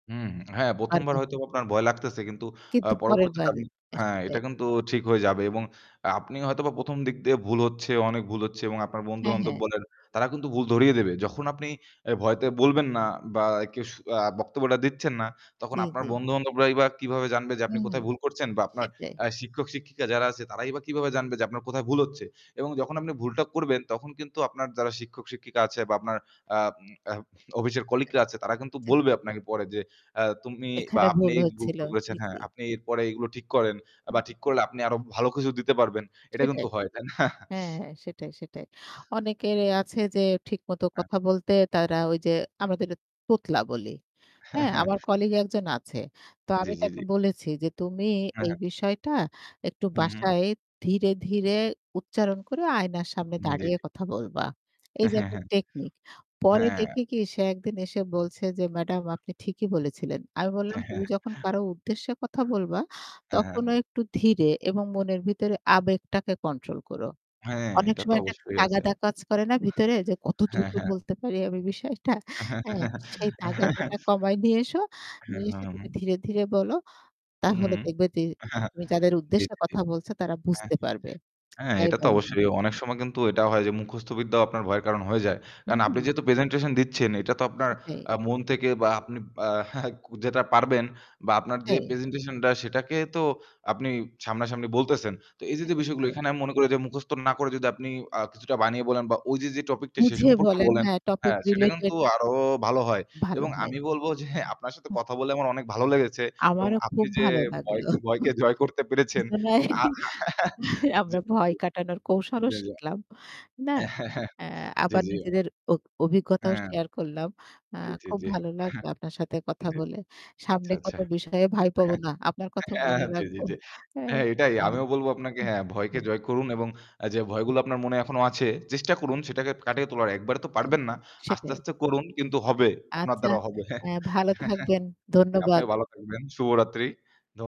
হুম। হ্যাঁ, ১ম আর বার কি হয়তোবা আপনার ভয় লাগতেছে। কিন্তু আ কিন্তু পরের পরবর্তীতে বার আপনি আ হ্যাঁ, এটা সেটাই। কিন্তু ঠিক হয়ে যাবে এবং আ আপনি হয়তোবা ১ম দিক দিয়ে ভুল হচ্ছে, অনেক ভুল হচ্ছে এবং আপনার হ্যাঁ, বন্ধু-বান্ধব হ্যাঁ। বলে তারা কিন্তু ভুল ধরিয়ে দেবে। যখন আপনি এ ভয়তে বলবেন না বা কেউ স আ বক্তব্যটা দিচ্ছেন না তখন জি, আপনার জি। বন্ধু-বান্ধবরাই বা কীভাবে জানবে যে আপনি হুম, কোথায় ভুল করছেন বা আপনার সেটাই। আ শিক্ষক-শিক্ষিকা যারা আছে তারাই বা কিভাবে জানবে যে আপনার কোথায় ভুল হচ্ছে। এবং যখন আপনি ভুলটা করবেন তখন কিন্তু আপনার যারা শিক্ষক-শিক্ষিকা আছে বা আপনার আ উম আ অফিসের কলিগরা আছে তারা কিন্তু আ বলবে আপনাকে পরে যে আ তুমি বা এখানে আপনি ভুল এইযে ভুল হচ্ছিল। করেছেন জি, হ্যাঁ, জি। আপনি এরপরে এগুলো ঠিক করেন এ হু। বা ঠিক করলে আপনি আরো ভালো কিছু দিতে পারবেন। এটা কিন্তু সেটাই। হয়। তাই না? হ্যাঁ, হ্যাঁ। সেটাই, সেটাই। অনেকের এ আছে যে ঠিক মত হ্যাঁ। কথা বলতে তারা ওই যে আমরা যেটা তোতলা বলি। হ্যাঁ, হ্যাঁ? হ্যাঁ। আমার কলিগ একজন আছে। তো জ্বী, আমি জ্বী, তাকে জ্বী। বলেছি যে, "তুমি হ্যাঁ, এই হ্যাঁ। বিষয়টা একটু হু, হু। বাসায় ধীরে, ধীরে উচ্চারণ করে আয়নার সামনে জি, দাঁড়িয়ে জি। কথা বলবা।" এই হ্যাঁ, যে হ্যাঁ, একটা হ্যাঁ। টেকনিক পরে হ্যাঁ। দেখি কি সে একদিন এসে বলছে যে "ম্যাডাম আপনি ঠিকই বলেছিলেন।" আমি বললাম হ্যাঁ, "তুমি হ্যাঁ। যখন কারো উদ্দেশ্যে কথা বলবা হ্যাঁ, হ্যাঁ। তখনও একটু ধীরে এবং মনের ভিতরে আবেগটাকে control করো। হ্যাঁ, অনেক এটা তো সময় একটা অবশ্যই আছে। তাগাদা কাজ করে না ভিতরে? যে কত হ্যাঁ, দ্রুত হ্যাঁ। বলতে পারি আমি বিষয়টা। হ্যা? হ্যাঁ, সেই হ্যাঁ, তাগাদাটা কমায় নিয়ে এসো। নিয়ে এসে তুমি হ্যাঁ। ধীরে, ধীরে বলো, হু, তাহলে হুম। দেখবে যে তুমি যাদের জ্বী, উদ্দেশ্যে জ্বী, জ্বী। কথা বলছো তারা হ্যাঁ। বুঝতে পারবে হ্যাঁ, যাই এটা তো বলো না অবশ্যই কেন।" অনেক সময় কিন্তু এটা হয় যে মুখস্থ বিদ্যাও আপনার ভয়ের কারণ হয়ে যায়। কারণ আপনি উহু। যেহেতু presentation দিচ্ছেন, এটা তো আপনার সেটাই। আ মন থেকে বা আপনি যেটা পারবেন বা আপনার যে হ্যাঁ। presentation টা সেটাকে তো আপনি সামনাসামনি বলতেছেন। তো এই যে যে সেটাই, বিষয়গুলো সেটাই। এখানে আমি মনে করি যে মুখস্থ না করে যদি আপনি আ কিছুটা বানিয়ে বলেন বা ওই যে যে topic টা, সে বুঝে সম্পর্কে বলেন। বলেন হ্যাঁ, topic হ্যাঁ সেটা related। কিন্তু আরো ভালো হয়। ভালো এবং হয়। আমি বলবো যে আপনার সাথে হা কথা বলে আমার অনেক ভালো লেগেছে এবং আমারও আপনি খুব যে ভালো ভয় লাগল। ভয়কে জয় করতে পেরেছেন দুজনাই এবং জি, আমরা ভয় জি। কাটানোর কৌশলও জি, জি। শিখলাম। না? এ হ্যাঁ, হ্যাঁ। আ জি, আবার জি। নিজেদের অ অভিজ্ঞতাও হ্যাঁ। শেয়ার করলাম। আ জি, জি, খুব জি। ভালো লাগলো আপনার সাথে জি, কথা জি। বলে। আচ্ছা, সামনে কত আচ্ছা। বিষয়ে ভয় পাবো হ্যা। না। আপনার এ কথা হ্যাঁ। বলে জি, জি, রাখবো। জি। হ্যা, হ্যাঁ, এটাই হ্যা। আমিও বলবো আপনাকে হু, হ্যাঁ, হু। ভয়কে জয় করুন এবং এ যে ভয়গুলো আপনার মনে এখনো আছে চেষ্টা করুন সেটাকে কাটিয়ে তোলার। একবারে তো হ্যা। পারবেন না। আস্তে, সেটাই। আস্তে করুন, হু। কিন্তু হবে। আপনার আচ্ছা, দ্বারাও হবে। এ ভালো থাকবেন। জি, ধন্যবাদ। আপনিও ভালো থাকবেন। শুভরাত্রি। ধ